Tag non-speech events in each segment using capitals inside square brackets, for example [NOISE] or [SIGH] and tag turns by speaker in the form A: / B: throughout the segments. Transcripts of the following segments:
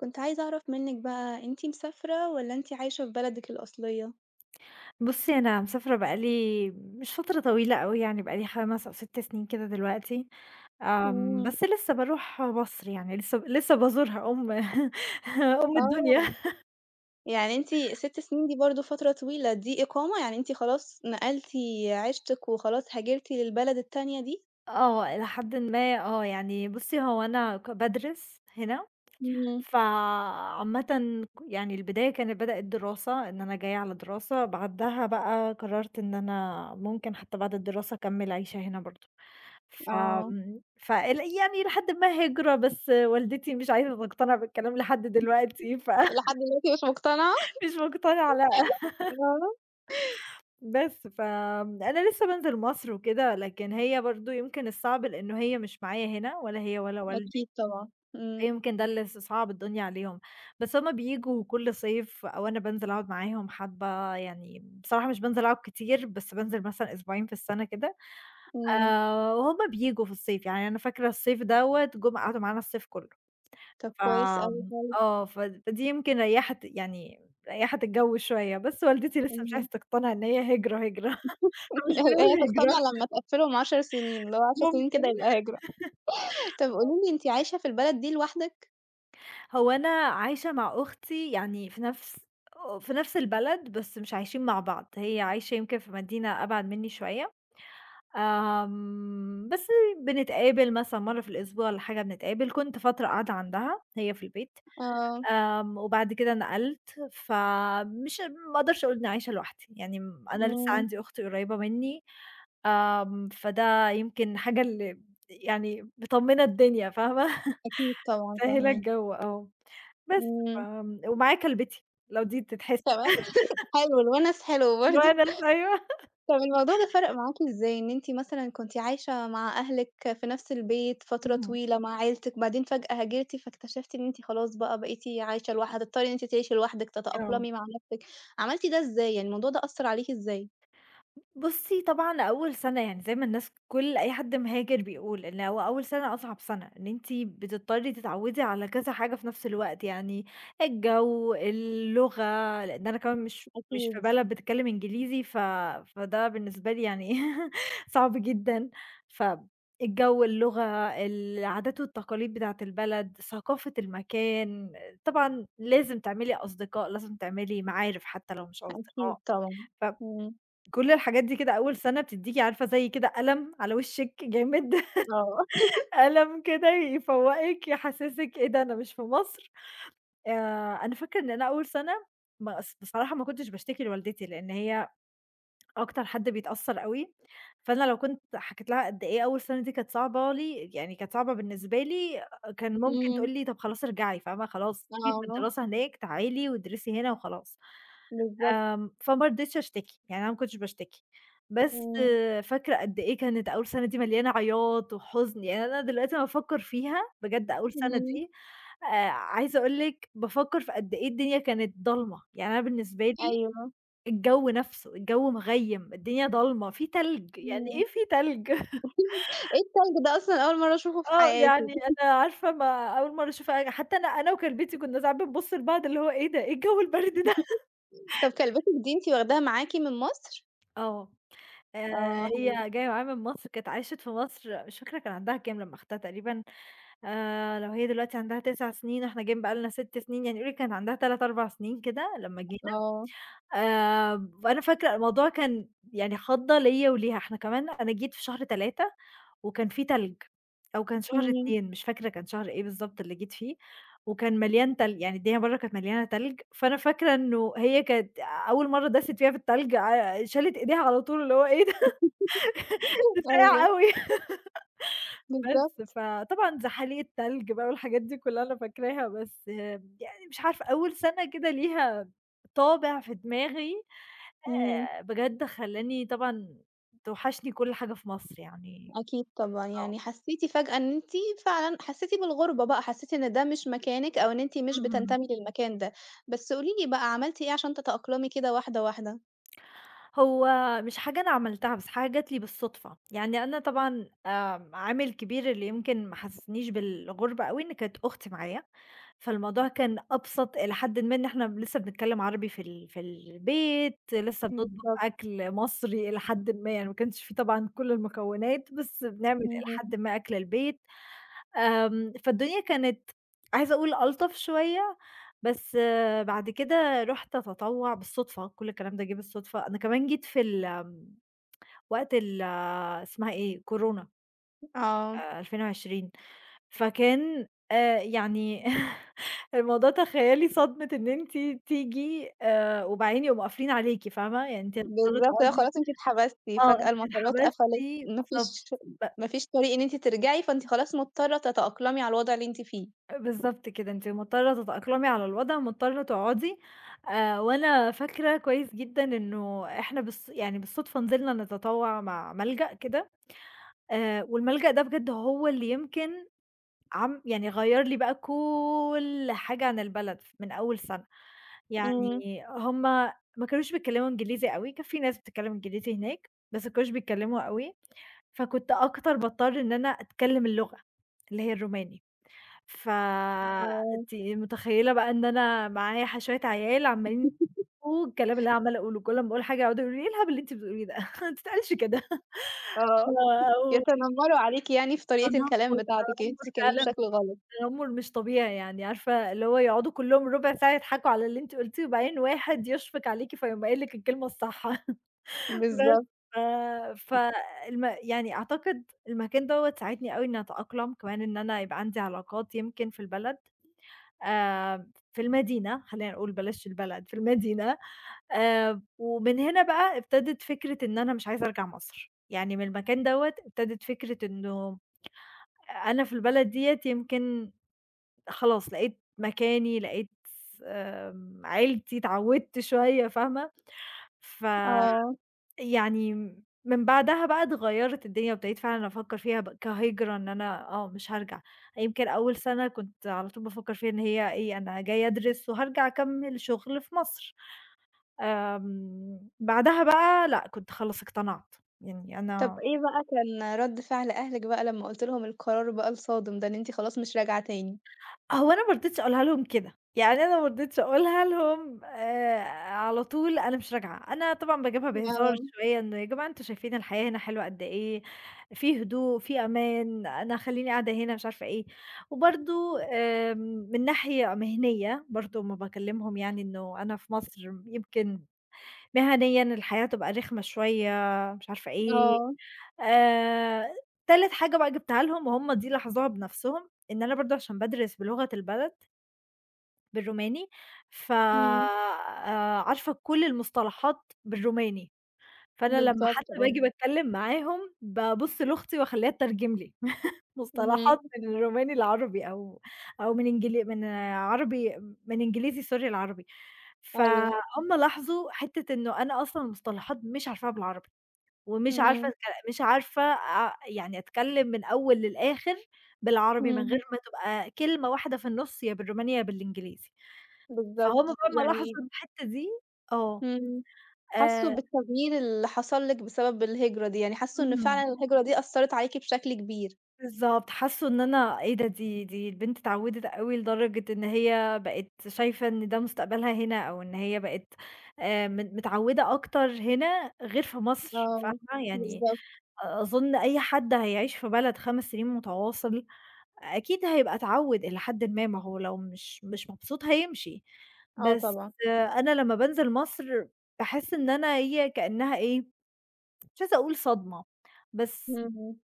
A: كنت عايزة أعرف منِّك بقى أنتِ مسافرة والّا أنتِ عايشة في بلدِك الأصلية؟
B: بُصّي أنا مسافرة بقى لي مش فترة طويلة أوي يعني بقى لي 5 أو 6 سنين كده دلوقتي، آمم،
A: إمم.
B: بس لسّه باروح مصر يعني لسّه ب لسّه بازورها أم [LAUGHS] أم الدنيا.
A: آه،
B: [LAUGHS]
A: يعني أنتِ 6 سنين دي برضه فترة طويلة، دي إقامة يعني أنتِ خلاص نقلتِ عيشتِك وخلاص هاجرتِ للبلد التانية دي؟
B: آه، إلى حدٍ ما آه، يعني بُصي هو أنا ك بادرس هنا،
A: إمم.
B: فعامةً ك يعني البداية كان بدأت دراسة إن أنا جايّة على دراسة، بعدها بقى قررت إن أنا ممكن حتّى بعد الدراسة أكمّل عيشة هنا برضه،
A: آه.
B: فآمم، فالأيام إلى حدٍ ما هجرة بس والدتي مش عايزة تقتنع بالكلام لحد
A: [CHUCKLES]
B: دلوقتي ف
A: لحد دلوقتي مش مُقتنعة.
B: مش مقتنعة لأ.
A: [LAUGHS]
B: [LAUGHS]
A: آه.
B: بس فآمم، أنا لسّه بانزل مصر وكده، لكن هي برضه يمكن الصعب لأنّه هي مش معايا هنا، ولا هي ولا والدي،
A: أكيد طبعًا، إمم.
B: فيمكن ده اللي ص صعَّب الدنيا عليهم بس هُم بييجوا كُل صيف، أو أنا بانزل أقعد معاهم حبّة، يعني بصراحة مش بانزل أقعد كتير، بس بانزل مثلًا أسبوعين في السنة كده
A: إمم.
B: آآ، وهُم بييجوا في الصيف، يعني أنا فاكرة الصيف دوّة جُم قعدوا معانا الصيف كُلّه.
A: طَب كويس أوي
B: فآمم،
A: فعلًا.
B: آه، فدي يمكن ريحِت يعني ريحِت الجّو شويّة، بس والدتي لسّه مش
A: إمم.
B: عايزة تقتنع إن هي هجرة، هجرة، [CHUCKLES]
A: [CHUCKLES]
B: فمش
A: الأ
B: بنقول
A: هقتنع
B: هجرة.
A: لمّا تقفّلهم 10 سنين، اللي هو 10 سنين
B: ممكن،.
A: كده يبقى هجرة [CHUCKLES] طَب
B: [LAUGHS] [UNINTELLIGIBLE]
A: قولي لي أنتِ عايشة في البلد دي لوحدِك؟
B: هو أنا عايشة مع أختي يعني في نَفْس آه، في نَفْس البلد بس مش عايشين مع بعض، هي عايشة يمكن في مدينة أبعد منّي شوية، آمم، بس بنتقابل مثلًا مرّة في الأسبوع والّا حاجة بنتقابل، كُنت فترة قاعدة عندها هي في البيت،
A: آه.
B: آمم، وبعد كده نقلْت، فمش ما أقدرش أقول إن أنا عايشة لوحدي، يعني م أنا لسّه
A: إمم.
B: عندي أخت قريّبة منّي، آمم، فده يمكن حاجة اللي يعني مطمِّنة الدنيا فاهمة، [CHUCKLES]
A: أكيد طبعًا
B: مسهِّلة
A: فاهما
B: الجَو آه، بس
A: إمم.
B: فم ومعايا كلبتي لو دي بتتحسب.
A: كمان! [LAUGHS]
B: [LAUGHS]
A: حلو، الوَنَس حلو برضه.
B: الوَنَس أيوه. [LAUGHS]
A: طَب الموضوع ده فرق معاكِ إزاي؟ إن أنتِ مثلًا كنتِ عايشة مع أهلِك في نَفْس البيت فترة
B: اهم.
A: طويلة مع عيلتِك بعدين فجأة هاجرتِ، فاكتشفتِ إن أنتِ خلاص بقى بقيتِ عايشة لوحدِك هتضطري إن أنتِ تعيشِي لوحدِك
B: آه.
A: تتأقلمي مع نَفْسِك، عملتِ ده إزاي، يعني الموضوع ده أثّر عليكِ إزاي؟
B: ب بُصّي، طبعًا أول سَنة يعني زي ما الناس كل أي حد مهاجر بيقول إن هو أول سَنة أصعب سَنة، إن أنتِ بتضطرّي تتعوّدي على كذا حاجة في نَفْس الوقت، يعني الجَو، اللغة لإن أنا كمان مش مش في
A: أكيد.
B: بلد بتتكلِّم إنجليزي، ف فده بالنسبة لي يعني إيه، صعب جدًا. فالجَو، اللغة، العادات والتقاليد بتاعة البلد، ثقافة المكان، طبعًا لازم تعملي أصدقاء، لازم تعملي معارف حتّى لو مش
A: أكيد
B: أصدقاء.
A: طبعًا، إمم.
B: فكل الحاجات دي كده أول سَنة بتدّيكِ عارفة زي كده قلم على وِشِّك جامد. [LAUGHS]
A: آه. [CHUCKLES]
B: قلم كده يفوّقِك، يحسّسِك إيه ده أنا مش في مصر؟ آآ أنا فاكرة إن أنا أول سَنة ما أص بصراحة ما كنتش باشتكي لوالدتي لإن هي أكتر حد بيتأثّر أوي، فأنا لو كنت حكيت لها قد إيه أول سَنة دي كانت صعبة لي، يعني كانت صعبة بالنسبة لي، كان ممكن تقول
A: إمم.
B: لي: "طَب خلاص ارجعي." فاهمة، "خلاص سيبِك من
A: آه.
B: الدراسة هناك تعالي وادرسي هنا وخلاص."
A: بالضبط.
B: آمم، فما رضيتش أشتكي، يعني أنا ما كنتش باشتكي. بس
A: إمم.
B: فاكرة قد إيه كانت أول سَنة دي مليانة عياط وحُزن، يعني أنا دلوقتي لمّا أفكّر فيها بجد أقول سَنة
A: إمم.
B: دي آآ، عايزة أقول لِك بافكّر في قد إيه الدنيا كانت ضلمة، يعني أنا بالنسبة لي
A: أيوه.
B: الجَو نَفْسه، الجَو مِغَيّم، الدنيا ضَلْمة، في تلج، يعني
A: إمم.
B: إيه في تلج؟ [CHUCKLES]
A: [CHUCKLES] إيه التلج ده أصلًا؟ أول مرّة أشوفه في
B: آه،
A: حياتي.
B: يعني
A: [CHUCKLES]
B: أنا عارفة ما أول مرّة أشوف أج حتّى أنا أنا وكلبتي كُنّا ساعات بنبُص لبعض اللي هو إيه ده، إيه الجَو البرد ده؟ [CHUCKLES]
A: [LAUGHS] طَب كلبتِك دي أنتِ واخداها معاكِ من مصر؟
B: آه. آآ
A: آه، حلو.
B: هي جاية معايا من مصر، كانت عاشت في مصر مش فاكرة كان عندها كام لمّا أخدتها تقريبًا آآ، لو هي دلوقتي عندها 9 سِنين وإحنا جايين بقى لنا 6 سِنين يعني قولي كان عندها 3، 4 سِنين كده لمّا جينا،
A: آه.
B: آآ، وأنا فاكرة الموضوع كان يعني خَضّة ليّا وليها، إحنا كمان أنا جيت في شهر 3 وكان في تلج، أو كان شهر
A: إمم.
B: 2 مش فاكرة كان شهر إيه بالضبط اللي جيت فيه وكان مليان تلج، يعني الدنيا برّه كانت مليانة تلج، فأنا فاكرة إنه هي كانت أول مرّة داست فيها في التلج آآ، شالت إيديها على طول اللي هو إيه ده؟ ها
A: [LAUGHS]
B: ساقع
A: أيوه.
B: أوي. [LAUGHS] بس،
A: بالضبط.
B: فطبعًا زحاليق التلج بقى والحاجات دي كُلّها أنا فاكراها، بس يعني مش عارفه أول سَنة كده ليها طابع في دماغي
A: إمم.
B: آآ، بجد خلّاني طبعًا توحشني كل حاجة في مصر يعني
A: أكيد طبعًا
B: آه.
A: يعني حسّيتِ فجأة إن أنتِ فعلًا حسّيتِ بالغربة بقى، حسّيتِ إن ده مش مكانِك أو إن أنتِ مش
B: اهم.
A: بتنتمي للمكان ده. بس قولي لي بقى عملتِ إيه عشان تتأقلمي كده واحدة، واحدة؟
B: هو مش حاجة أنا عملتها بس حاجة جات لي بالصُدفة. يعني أنا طبعًا آآ عامل كبير اللي يمكن ما حسّسنيش بالغربة أوي إن كانت أختي معايا، فالموضوع كان أبسط إلي حدٍ ما إن إحنا لسّه بنتكلِّم عربي في ال في البيت، لسّه بنطبخ
A: بالضبط.
B: أكل مصري إلي حدٍ ما، يعني ما كانش في طبعًا كل المكونات بس بنعمل إلي حدٍ
A: اهم.
B: ما أكل البيت، آمم، فالدنيا كانت عايزة أقول ألطف شوية، بس بعد كده رُحت أتطوّع بالصُدفة، كل الكلام ده جِه بالصُدفة، أنا كمان جيت في الم وقت ال اسمها إيه؟ كورونا.
A: آه.
B: 2020، فكان آآ يعني [CHUCKLES] الموضوع تخيّلي صدمة إن أنتِ تيجي آآ، وبعدين يقوم قافلين عليكِ فاهمة، يعني أنتِ هتضطري
A: بالضبط، اللي هو
B: تقعدي
A: خلاص أنتِ اتحبستِ
B: آه،
A: فجأة
B: أنتِ
A: المطارات
B: اتحبستِ
A: قفلِت، ما
B: بالضبط.
A: فيش
B: ب
A: ما فيش طريقة إن أنتِ ترجعي فأنتِ خلاص مضطرة تتأقلمي على الوضع اللي أنتِ فيه.
B: آآ بالضبط كده، أنتِ مضطرة تتأقلمي على الوضع، مضطرة تقعُدي آآ، وأنا فاكرة كويّس جدًا إنه إحنا بالص يعني بالصُدفة نزلنا نتطوّع مع ملجأ كده، آآ، والملجأ ده بجد هو اللي يمكن عم يعني غيّر لي بقى كل حاجة عن البلد ف من أول سَنة، يعني
A: إمم.
B: هم ما كانوش بيتكلِّموا إنجليزي أوي كان في ناس بتتكلِّم إنجليزي هناك، بس ما كانوش بيتكلِّموا أوي، فكنت أكتر باضطر إن أنا أتكلِّم اللغة اللي هي الروماني،
A: آه.
B: فأنتِ متخيّلة بقى إن أنا معايا ح شوية عيال عَمّالين
A: [LAUGHS]
B: [UNINTELLIGIBLE] والكلام اللي أنا عَمّالة أقوله، كل أمّا أقول حاجة يقعدوا يقولوا لي: "إيه الهبل اللي أنتِ بتقوليه ده؟ ما بتتقالش كده." [LAUGHS]
A: آه،
B: و أو
A: يتنمّروا عليكِ يعني في طريقة الكلام
B: تنمُّر،
A: بتاعتِك إن أنتِ
B: تنمُّر
A: بتتكلِّمي
B: فعلًا
A: بشكل غلط.
B: تنمُّر مش طبيعي، يعني عارفة اللي هو يقعُدوا كُلّهم رُبع ساعة يضحكوا على اللي أنتِ قُلتيه وبعدين واحد يشفق عليكِ فيقوم قايل لِك الكلمة الصح. [CHUCKLES] بس،
A: بالضب
B: ف فالم يعني أعتقد المكان دوّة ساعدني أوي إن أنا أتأقلم كمان إن أنا يبقى عندي علاقات يمكن في البلد، آآ، في المدينة خلّينا نقول بلاش البلد، في المدينة. آآ، ومن هنا بقى ابتدِت فكرة إن أنا مش عايزة أرجع مصر، يعني من المكان دوّة ابتدِت فكرة إنه أنا في البلد ديّة يمكن خلاص لقيت مكاني، لقيت س آمم، عيلتي، اتعوّدت شوية فاهمة، فيعني
A: آه.
B: م من بعدها بقى اتغيّرِت الدنيا وأبتديت فعلًا أفكّر فيها بقى كهجرة إن أنا آه، مش هارجع. يمكن أول سَنة كنت على طول بافكّر فيها إن هي إيه، أنا جايه أدرس وهارجع أكمِّل شُغل في مصر، آمم بعدها بقى لأ، كنت خلاص اقتنعت، يعني
A: طَب
B: أنا
A: إيه بقى كان رَد فعل أهلِك بقى لمّا قُلتِ لهم القرار بقى الصادم ده، إن أنتِ خلاص مش راجعة تاني؟
B: هو أنا ما رضيتش أقولها لهم كده، يعني أنا ما رضيتش أقولها لهم آآ، على طول أنا مش راجعة، أنا طبعًا باجيبها بهزار
A: آه.
B: شوية "إن يا جماعة أنتم شايفين الحياة هنا حلوة قد إيه، في هدوء، في أمان، أنا هخلّيني قاعدة هنا،" مش عارفة إيه. وبرضه آمم، من ناحية مهنية برضه أمّا باكلِّمهم يعني إنه أنا في مصر يمكن مهنيًا الحياة هتبقى رخمة شوية مش عارفة إيه،
A: آه.
B: آآ، تالت حاجة بقى جِبتها لهم وهُم دي لاحظوها بنَفْسهم إن أنا برضه عشان بادرس بلغة البلد بالروماني، ف
A: إمم.
B: آآ عارفة كل المصطلحات بالروماني. فأنا لمّا
A: بالضبط،
B: حتى
A: آه.
B: باجي باتكلم معاهم، بابص لاختي وأخلّيها تترجم لي [CHUCKLES] مصطلحات
A: اهم.
B: من الروماني لعربي، أو أو من إنجل من عربي من إنجليزي Sorry لعربي.
A: أيوه.
B: فهُم لاحظوا حتّة إنه أنا أصلًا المصطلحات مش عارفاها بالعربي. ومش عارفة
A: امم.
B: أتكل مش عارفة أ يعني أتكلم من الأول للآخر بالعربي من غير
A: امم.
B: ما تبقى كلمة واحدة في النص يا بالروماني يا بالإنجليزي. فهم
A: بالضبط،
B: بقى ما لاحظوا
A: يعني
B: في الحتة دي آه.
A: إمم. حسّوا
B: آآ
A: بالتغيير اللي حصل لِك بسبب الهجرة دي، يعني حسّوا إن
B: إهم.
A: فعلًا الهجرة دي أثّرِت عليكِ بشكل كبير.
B: بالضبط، حسّوا إن أنا إيه ده، دي دي البنت اتعوّدِت أوي لدرجة إن هي بقت شايفة إن ده مستقبلها هنا، أو إن هي بقت آآ، م متعودة أكتر هنا غير في مصر،
A: آه.
B: فاهمة؟ يعني
A: بالضبط.
B: أ أظن أي حد هيَعيش في بلد 5 سنين مُتَواصل، أكيد هيبقى اتعوّد إلى حدٍ ما، ما هو لو مش مش مبسوط هيمشي،
A: آه
B: بس
A: طبعًا.
B: أنا لمّا بانزل مصر باحس إن أنا هي كأنها إيه، مش عايزة أقول صدمة. بس
A: اهم.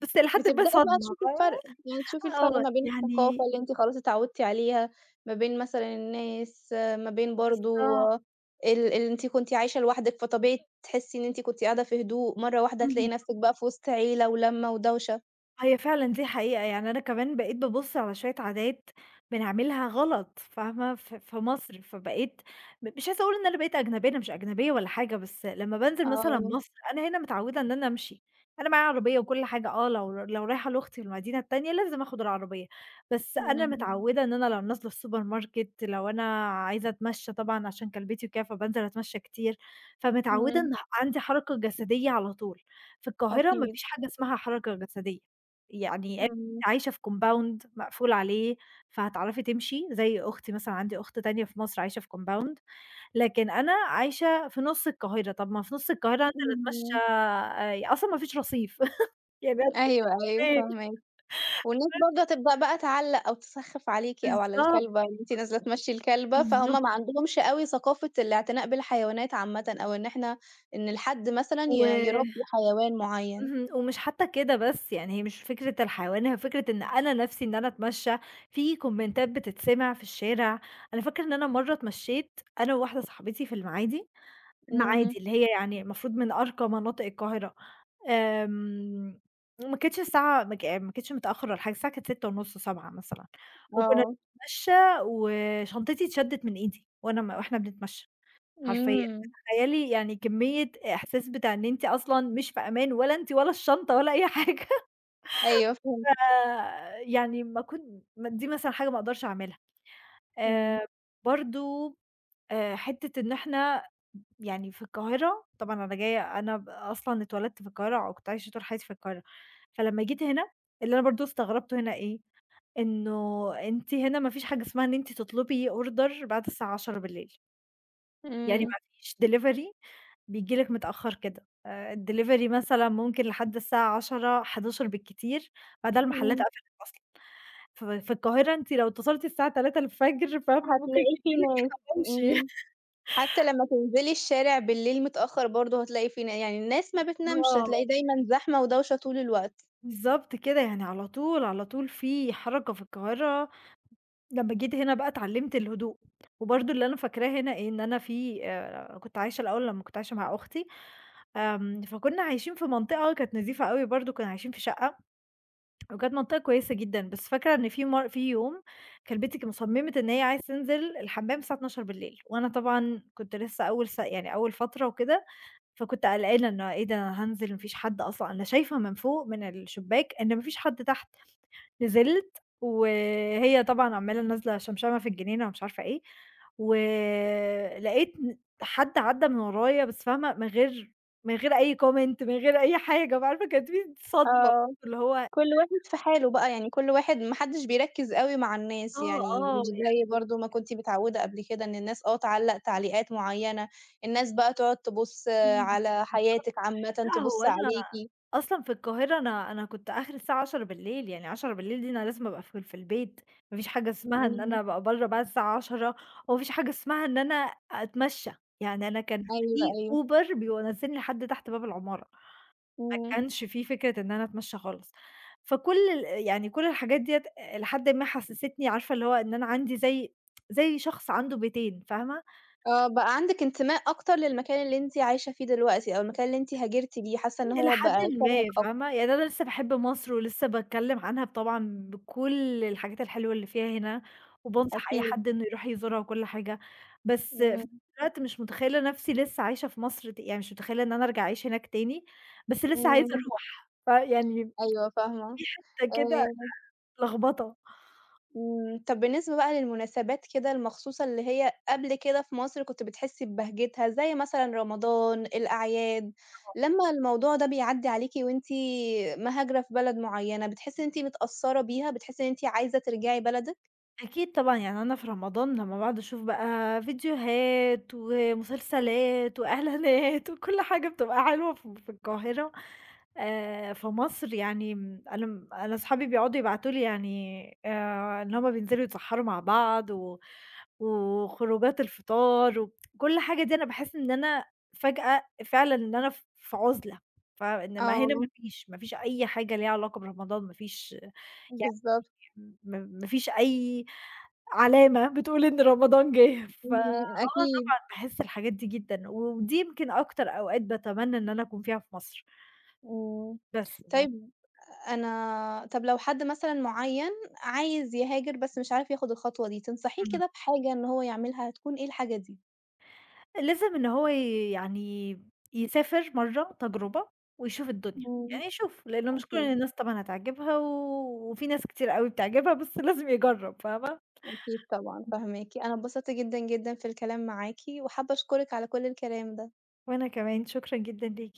B: بس إلى حدٍ
A: بتبدئي
B: ما
A: بقى
B: صدمة
A: تشوفي الفرق، يعني تشوفي
B: فاهمة،
A: الفرق
B: آه،
A: ما بين الثقافة
B: يعني
A: اللي أنتِ خلاص اتعودتِ عليها، ما بين مثلًا الناس، ما بين برضو
B: بالضبط.
A: ال اللي أنتِ كنتِ عايشة لوحدِك، فطبيعي تحسي إن أنتِ كنتِ قاعدة في هدوء، مرة واحدة هتلاقي
B: اهم.
A: نفسِك بقى في وسط عيلة ولمة ودوشة.
B: هي فعلًا دي حقيقة، يعني أنا كمان بقيت بابُص على شوية عادات بنعملها غلط، فاهمة؟ ف في مصر فبقيت م مش عاوزه أقول إن أنا بقيت أجنبية، أنا مش أجنبية ولا حاجة، بس لمّا بانزل مثلًا
A: آه.
B: مصر أنا هنا متعودة إن أنا أمشي، أنا معايا عربية وكل حاجة آه لو لو رايحة لاختي المدينة التانية لازم آخد العربية، بس أنا
A: إمم.
B: متعودة إن أنا لو نازلة الSupermarket لو أنا عايزة أتمشى طبعًا عشان كلبتي وكده فبانزل أتمشى كتير، فمتعودة
A: إمم.
B: إن عندي حركة جسدية على طول. في القاهرة ما
A: أكيد.
B: فيش حاجة اسمها حركة جسدية، يعني [UNINTELLIGIBLE]
A: إمم.
B: عايشة في compound مقفول عليه، فهتعرفي تمشي، زي أختي مثلًا، عندي أخت تانية في مصر عايشة في compound لكن أنا عايشة في نُص القاهرة، طَب ما في نُص القاهرة هانزل اتمشّي
A: اهم.
B: آآ، أصلًا ما فيش رصيف [CHUCKLES] يعني هتمشّى
A: أيوه، أيوه،
B: أروح فين؟
A: فاهماكِ. والناس
B: [UNINTELLIGIBLE]
A: برضه تبدأ بقى تعلّق أو تسخّف عليكِ أو على
B: بالضبط.
A: الكلبة اللي أنتِ نازلة تمشي الكلبة، فهُم
B: بالضبط.
A: ما عندهمش أوي ثقافة الاعتناء بالحيوانات عامةً أو إن إحنا إن الحد مثلًا
B: و
A: ي يربّي حيوان مُعيّن.
B: اهم، ومش حتى كده بس يعني هي مش فكرة الحيوان هي فكرة إن أنا نفْسي إن أنا أتمشّى، في كومنتات بتتسمع في الشارع، أنا فاكرة إن أنا مرّة اتمشيّت أنا وواحدة صاحبتي في المعادي،
A: إمم.
B: المعادي اللي هي يعني المفروض من أرقى مناطق القاهرة. آمم. وما كانتش الساعة ماك ما كانتش متأخر والّا حاجة الساعة كانت 18:30 19:00 مثلًا، وكُنا
A: آه.
B: بنتمشى وشنطتي اتشدت من إيدي وأنا م وإحنا بنتمشى، حرفيًا.
A: إمم.
B: تخيّلي يعني كمية إحساس بتاع إن أنتِ أصلًا مش في أمان ولا أنتِ ولا الشنطة ولا أي حاجة.
A: أيوه فهمتِك.
B: فيعني ما كنت دي مثلًا حاجة ما أقدرش أعملها.
A: إمم.
B: آآ برضو آآ حتة إن إحنا يعني في القاهرة، طبعًا أنا جاية أنا ب أصلًا اتولدت في القاهرة، وكنت عايشة طول حياتي في القاهرة، فلمّا جيت هنا اللي أنا برضه استغربته هنا إيه؟ إنه أنتِ هنا ما فيش حاجة اسمها إن أنتِ تطلبي order بعد الساعة 22:00 يعني
A: إمم.
B: ما فيش delivery بييجي لك متأخر كده، آآ الdelivery مثلًا ممكن لحد الساعة 22:00 23:00 بالكتير، بعدها المحلات
A: إمم.
B: قفلت أصلًا. في في القاهرة أنتِ لو اتصلتِ الساعة 03:00 فاهمة؟ ممكن
A: هتلاقي في
B: ييجي لِك
A: ناس
B: حواوشي.
A: إمم. حتى لمّا تنزلي الشارع بالليل متأخر برضه هتلاقي في ن يعني الناس ما بتنامش
B: آه.
A: هتلاقي دايمًا زحمة ودوشة طول الوقت.
B: بالضبط كده، يعني على طول، على طول في حركة في القاهرة. لمّا جيت هنا بقى اتعلّمت الهدوء. وبرضو اللي أنا فاكراه هنا إن أنا في آآ كنت عايشة الأول لمّا كنت عايشة مع أختي آمم، فكُنا عايشين في منطقة كانت نضيفة أوي برضه، كُنا عايشين في شقة وكانت منطقة كويسة جدًا، بس فاكرة إن في مر في يوم كلبتي ك صمّمت إن هي عايزة تنزل الحمّام الساعة 24:00 وأنا طبعًا كنت لسه أول س يعني أول فترة وكده، فكنت قلقانة إنه إيه ده! هانزل وما فيش حَد أصلًا، أنا شايفة من فوق من الشباك إن ما فيش حَد تحت، نزلت وهي طبعًا عمّالة نازلة شمشمة مع في الجنينة ومش عارفة إيه، ولاقيت ن حَد عدّى من ورايا بس فاهمة؟ من غير من غير أي Comment من غير أي حاجة بقى عارفة؟ كانت في صدمة
A: آه.
B: اللي هو
A: كل واحد
B: [UNINTELLIGIBLE]
A: في حاله بقى، يعني كل واحد ما حدش بيركز أوي مع الناس،
B: آه
A: يعني
B: آه.
A: مش
B: يع
A: زي برضه ما كنتِ متعودة قبل كده إن الناس آه تعلّق تعليقات مُعيّنة، الناس بقى تقعد تبُص
B: إمم. بالضبط
A: على حياتِك عامةً،
B: لأ، هو
A: تبُص
B: أنا
A: عليكِ.
B: أصلًا في القاهرة أنا أنا كنت آخري الساعة 22:00 يعني 22:00 دي أنا لازم أبقى في ال في البيت، ما فيش حاجة اسمها إن أنا
A: اهم.
B: أبقى برّا بعد الساعة 22:00 وما فيش حاجة اسمها إن أنا أتمشّى، يعني أنا كان
A: أيوه،
B: في
A: أيوه.
B: Uber بينزلني لحَد تحت باب العمارة. ما
A: إمم.
B: كانش في فكرة إن أنا أتمشى خالص. فكل ال يعني كل الحاجات ديّة الي حدٍ ما حسستني عارفة؟ اللي هو إن أنا عندي زي [TSK] زي شخص عنده بيتين فاهمة؟
A: آه بقى عندِك انتماء أكتر للمكان اللي أنتِ عايشة فيه دلوقتي أو المكان اللي أنتِ هاجرتِ ليه، حاسّة إن
B: الي
A: هو بقى
B: حدٍ
A: شبهِك
B: ما
A: أكتر.
B: فاهمة؟ يعني أنا لسه باحب مصر ولسه باتكلّم عنها بطبعًا بكل الحاجات الحلوة اللي فيها هنا، وبانصح أي
A: أكيد.
B: حد إنّه يروح يزورها وكل حاجة، بس في نفْس
A: إمم.
B: الوقت مش مُتخيلة نفْسي لسه عايشة في مصر، يعني مش مُتخيلة إن أنا أرجع أعيش هناك تاني، بس لسه عايزة
A: إمم.
B: أروح، فيعني [TSK]
A: أيوه فاهمة.
B: في حتة كده
A: آآ
B: لخبطة.
A: إمم، طَب بالنسبة بقى للمناسبات كده المخصوصة اللي هي قبل كده في مصر كنت بتحسّي ببهجتها، زي مثلًا رمضان، الأعياد،
B: [UNINTELLIGIBLE]
A: لمّا الموضوع ده بيعدّي عليكِ وأنتِ مهاجرة في بلد مُعيّنة، بتحسّي إن أنتِ متأثرة بيها، بتحسّي إن أنتِ عايزة ترجعي بلدِك؟
B: أكيد طبعًا يعني أنا في رمضان لمّا باقعد أشوف بقى فيديوهات ومسلسلات واعلانات وكُل حاجة بتبقى حلوه ف في القاهرة آآ، في مصر يعني م أنا م أنا صحابي بيقعدوا يبعتوا لي يعني آآ، إن هُم بينزلوا يتسحروا مع بعض و وخرُوجات الفطار، و [TSK] وكُل حاجة دي أنا باحس إن أنا فجأة فعلًا إن أنا ف في عُزلة، ف إنما هنا ما
A: آه.
B: فيش، ما فيش أي حاجة ليها علاقة برمضان ما فيش
A: بالضبط.
B: يعني ما ما فيش أي علامة بتقول إن رمضان جِه، فآه
A: اهم أكيد.
B: طبعًا باحس الحاجات دي جدًا ودي يمكن أكتر أوقات باتمنى إن أنا أكون فيها في مصر.
A: إمم،
B: بس ف
A: طيب أنا طَب لو حد مثلًا معيّن عايز يهاجر بس مش عارف ياخد الخطوة دي، تنصحيه
B: اهم.
A: كده بحاجة إن هو يعملها هتكون إيه الحاجة دي؟
B: لازم إن هو يعني يسافر مرّة تجربة، ويشوف الدنيا،
A: إمم
B: يعني يشوف لأن مش كُل
A: أكيد.
B: الناس طبعًا هتعجبها وفي ناس كتير أوي بتعجبها بس لازم يجرّب فاهمة؟
A: أكيد طبعًا
B: إمم.
A: فاهماكِ، أنا اتبسطت جدًا، جدًا في الكلام معاكِ، وحابّة أشكرِِك على كُل الكلام ده.
B: وأنا كمان شكرًا جدًا ليكِ.